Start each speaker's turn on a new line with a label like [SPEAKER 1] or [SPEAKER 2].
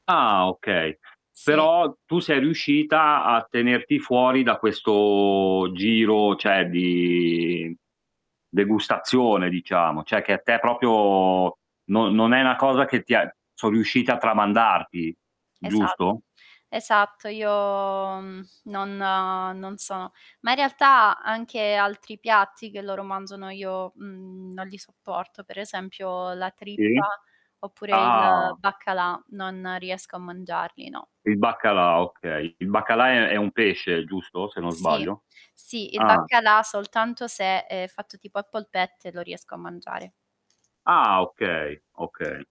[SPEAKER 1] Ah, okay.
[SPEAKER 2] Sì.
[SPEAKER 1] Però tu sei riuscita a tenerti fuori da questo giro, cioè di degustazione diciamo, cioè che a te proprio non non è una cosa che ti ha son riusciti a tramandarti.
[SPEAKER 2] Esatto,
[SPEAKER 1] Giusto?
[SPEAKER 2] esatto. Io, mhmm, non, uhm, non sono ma in realtà anche altri piatti che loro mangiano, io, mhmm, non li sopporto, per esempio la trippa,
[SPEAKER 1] Sì.
[SPEAKER 2] oppure il
[SPEAKER 1] Ah.
[SPEAKER 2] baccalà non, riesco a mangiarli, no.
[SPEAKER 1] Il baccalà, okay. Il baccalà è è un pesce, giusto? Se non
[SPEAKER 2] Sì.
[SPEAKER 1] sbaglio.
[SPEAKER 2] Sì, il
[SPEAKER 1] Ah.
[SPEAKER 2] baccalà soltanto se è fatto tipo a polpette, lo riesco a mangiare.
[SPEAKER 1] Ah, okay, okay.